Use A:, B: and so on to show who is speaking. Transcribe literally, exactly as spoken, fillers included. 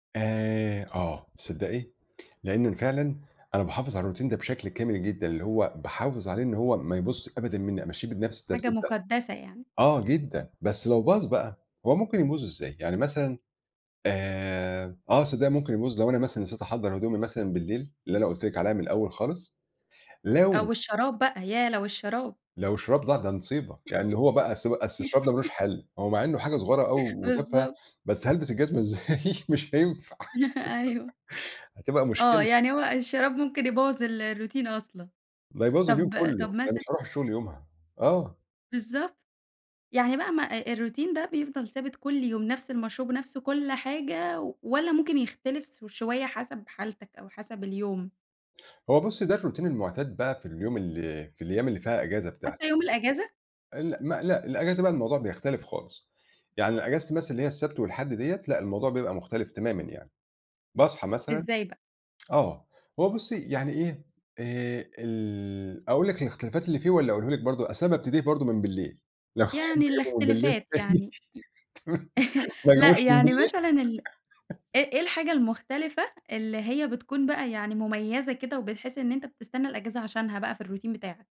A: آآ، آه. تصدّقي، لإن أنا فعلًا أنا باحافظ على الروتين ده بشكل كامل جدًا، اللي هو باحافظ عليه إن هو ما يبوظ أبدًا منّي، أمشّيه بنَفْس
B: حاجة
A: الترتيب ده،
B: مُقدسّة يعني.
A: آه جدًا. بس لو باظ بقى هو ممكن يبوظ إزاي؟ يعني مثلًا آآ آه، تصّدقي ممكن يبوظ لو أنا مثلًا نسيت أحضَّر هدومي مثلًا بالليل، اللي أنا قُلت لك عليها من الأول خالص.
B: أو
A: لو
B: الشراب بقى، ياه لوالشراب.
A: لو الشراب ضاع ده نِصيبة يعني هو بقى أصل ب أصل الشراب ده مالوش حَل، هو مع إنّه حاجة صغيرة أوي وتافهة،
B: بالضبط.
A: بس هالبس الجزمة إزاي؟ مش هينفع.
B: أيوه.
A: هتبقى
B: آه.
A: مُشكلة.
B: يعني هو الشراب ممكن يبوّظ ال الروتين أصلًا.
A: ده يبوّظ اليوم
B: طَب
A: كُلّه،
B: طَب
A: ده
B: مثلًا
A: مش هاروح الشُغل يومها. آه.
B: بالضبط. يعني بقى ما، آآ الروتين ده بيفضل ثابت كل يوم، نَفْس المشروب ونَفْس كل حاجة والّا ممكن يختلف س شوية حَسَب حالتَك أو حَسَب اليوم؟
A: هو بُصّي، ده الروتين المُعتاد بقى في اليوم اللي في الأيام اللي فيها إجازة بتاعتي.
B: حتّى يوم الإجازة؟
A: ال ما لأ، الإجازة بقى الموضوع بيختلف خالص. يعني أنا إجازتي مثلًا اللي هي السبت والحد ديّة، لأ الموضوع بيبقى مُختلف تمامًا يعني. باصحى مثلًا
B: إزاي بقى؟
A: آه. هو بُصّي يعني إيه، آآ ال أقول لِك الإختلافات اللي فيه والّا أقولهُ لِك برضه أصل أنا بابتدي برضه من بالليل لو تحبّي
B: يعني
A: أجيبه من بالليل
B: الإختلافات
A: تاني، تمام،
B: يعني ي
A: ما
B: لأ،
A: أجيبوش من
B: يعني
A: بالليل
B: مثلًا ال إيه إيه الحاجة المختلفة اللي هي بتكون بقى يعني مُميّزة كده وبتحِس إن أنت بتستنى الإجازة عشانها بقى في الروتين بتاعك؟